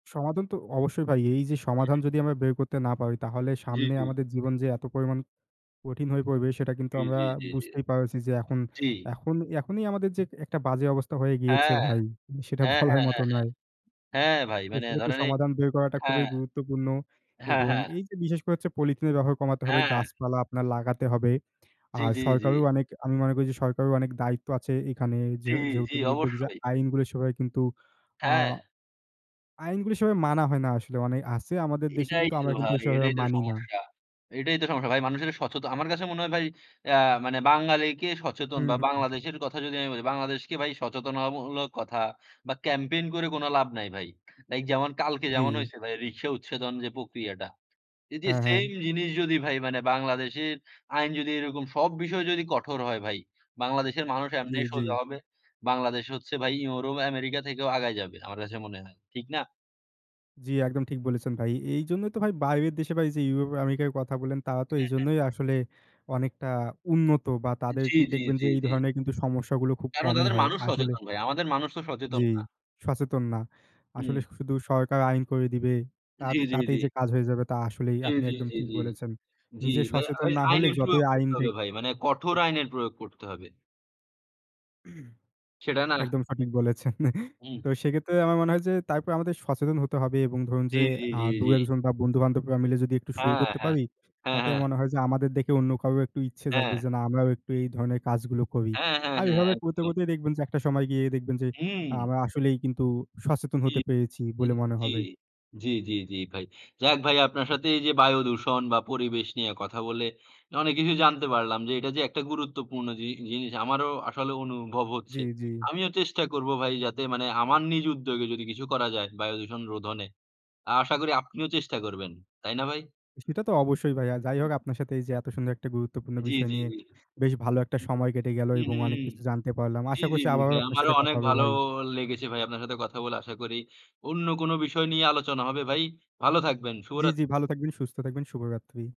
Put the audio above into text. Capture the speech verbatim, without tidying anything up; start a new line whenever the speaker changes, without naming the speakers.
সমাধান তো অবশ্যই ভাই। এই যে
হুম,
সমাধান
হুম।
যদি আমরা বের করতে না পারি তাহলে
জি,
সামনে
জি।
আমাদের জীবন যে এত পরিমাণ কঠিন হয়ে পড়বে সেটা কিন্তু
জি,
আমরা
জি, জি, জি,
বুঝতেই পারছি যে এখন
জি।
এখন এখনই আমাদের যে একটা বাজে অবস্থা হয়ে গিয়েছে
হ্যাঁ,
ভাই। সেটা
হ্যাঁ, হ্যাঁ,
বলার
হ্যাঁ, হ্যাঁ,
মতো নয়।
হ্যাঁ ভাই
তো
মানে
সেক্ষেত্রে
ধরেন এই
সমাধান বের করাটা
হ্যাঁ,
খুবই গুরুত্বপূর্ণ
হ্যাঁ,
এবং
হ্যাঁ।
এই যে বিশেষ করে হচ্ছে পলিথিনের ব্যবহার কমাতে হবে,
হ্যাঁ।
গাছপালা আপনার লাগাতে হবে।
জি,
আর
জি, জি।
সরকারেরও অনেক আমি মনে করি যে সরকারেরও অনেক দায়িত্ব আছে এখানে যে
জি,
যে
জি
যেহেতু
অবশ্যই।
আইনগুলি সবাই কিন্তু আ
হ্যাঁ।
আইনগুলি সেভাবে মানা হয় না আসলে মানে আছে আমাদের দেশে
এটাই
কিন্তু
তো
আমরা কিন্তু
ভাই,
সেভাবে
এটাই তো
মানি না।
সমস্যা, এটাই তো সমস্যা ভাই মানুষের সচেতন। আমার কাছে মনে হয় ভাই আ মানে বাঙালিকে সচেতন
হুম,
বা
হুম।
বাংলাদেশের কথা যদি আমি বলি, বাংলাদেশকে ভাই সচেতনতামূলক কথা বা ক্যাম্পেইন করে কোন লাভ নাই ভাই। লাইক যেমন কালকে যেমন
জি।
হইছে ভাই রিক্শা উচ্ছেদন যে প্রক্রিয়াটা। এই যে
হ্যাঁ, হ্যাঁ।
সেম জিনিস যদি ভাই মানে বাংলাদেশের আইন যদি এরকম সব বিষয় যদি কঠোর হয় ভাই, বাংলাদেশের মানুষ
জি,
এমনি
জি।
সোজা হবে। বাংলাদেশ হচ্ছে ভাই ইউরোপ আমেরিকা থেকেও আগায় যাবে। আমার কাছে মনে হয় ঠিক না?
জি, একদম ঠিক বলেছেন ভাই। এইজন্যই তো ভাই বাইরের দেশে ভাই এই যে ইউরোপ আমেরিকার কথা বললেন তারা তো
হ্যাঁ, হ্যাঁ।
এইজন্যই আসলে অনেকটা উন্নত, বা তাদের
জি,
কিন্তু
জি,
দেখবেন
জি,
যে এই
জি।
ধরনের কিন্তু সমস্যা গুলো খুব
কেন?
কমই
তাদের
হয়
মানুষ
আসলে।
সচেতন ভাই, আমাদের মানুষ তো
জি,
সচেতন না।
সচেতন না। আসলে
হুম।
শুধু সরকার আইন করে দিবে। তা
জি, জি, জি।
তাতেই যে কাজ হয়ে যাবে তা আসলেই
জি,
আপনি
জি,
একদম
জি,
ঠিক
জি,
বলেছেন।
জি
নিজে
ভাই
সচেতন
আইন
না হলে
আইনের
যতই
প্রয়োগ
আইন
করতে হবে
দিক
ভাই, মানে কঠোর
জি।
আইনের প্রয়োগ করতে হবে। সেটা না।
একদম সঠিক বলেছেন।
হুম।
তো সেক্ষেত্রে আমার মনে হয় যে তারপর আমাদের সচেতন হতে হবে এবং ধরুন
জি,
যে
জি,
আ
জি, জি,
দুই এক
জি।
জন বা বন্ধু বান্ধবরা মিলে যদি একটু শুরু
হ্যাঁ,
করতে
হ্যাঁ,
পারি,
হ্যাঁ,
তাতে
হ্যাঁ।
মনে হয় যে আমাদের দেখে অন্য কারও একটু ইচ্ছে থাকবে
হ্যাঁ।
যে না আমরাও একটু এই ধরনের কাজগুলো করি।
হ্যাঁ, হ্যাঁ,
আর
হ্যাঁ
এভাবে করতে
একদম।
করতেই দেখবেন যে একটা সময় গিয়ে দেখবেন যে আ
হুম।
আমরা আসলেই কিন্তু সচেতন
জি,
হতে পেরেছি
জি,
বলে মনে
জি,
হবে।
জি, জি, জি ভাই যাক ভাই আপনার সাথে এই যে বায়ুদূষণ বা পরিবেশ নিয়ে কথা বলে অনেক কিছু জানতে পারলাম, যে এটা যে একটা গুরুত্বপূর্ণ জি জিনিস আমারও আসলে অনুভব
জি,
হচ্ছে।
জি।
আমিও চেষ্টা করব ভাই যাতে মানে আমার নিজ উদ্যোগে যদি কিছু করা যায় বায়ুদূষণ রোধনে। আশা করি আপনিও চেষ্টা করবেন, তাই না ভাই?
সেটা তো অবশ্যই ভাই। আর যাই হোক আপনার সাথে এই যে এত সুন্দর একটা গুরুত্বপূর্ণ
জি,
বিষয়
জি,
নিয়ে
জি,
বেশ ভালো একটা
হুম,
সময় কেটে গেল
হুম,
এবং
হুম,
অনেক
হুম,
কিছু জানতে পারলাম।
জি,
আশা
জি,
করছি
জি,
আবারও
ভাই
আপনার
আমারও
সাথে কথা
অনেক
হবে
ভালো
ভাই।
লেগেছে ভাই। আপনার সাথে কথা বলে আশা করি অন্য কোন বিষয় নিয়ে আলোচনা হবে ভাই ভালো থাকবেন,
জি,
শুভরাত্রি।
জি ভালো থাকবেন, সুস্থ থাকবেন শুভরাত্রি।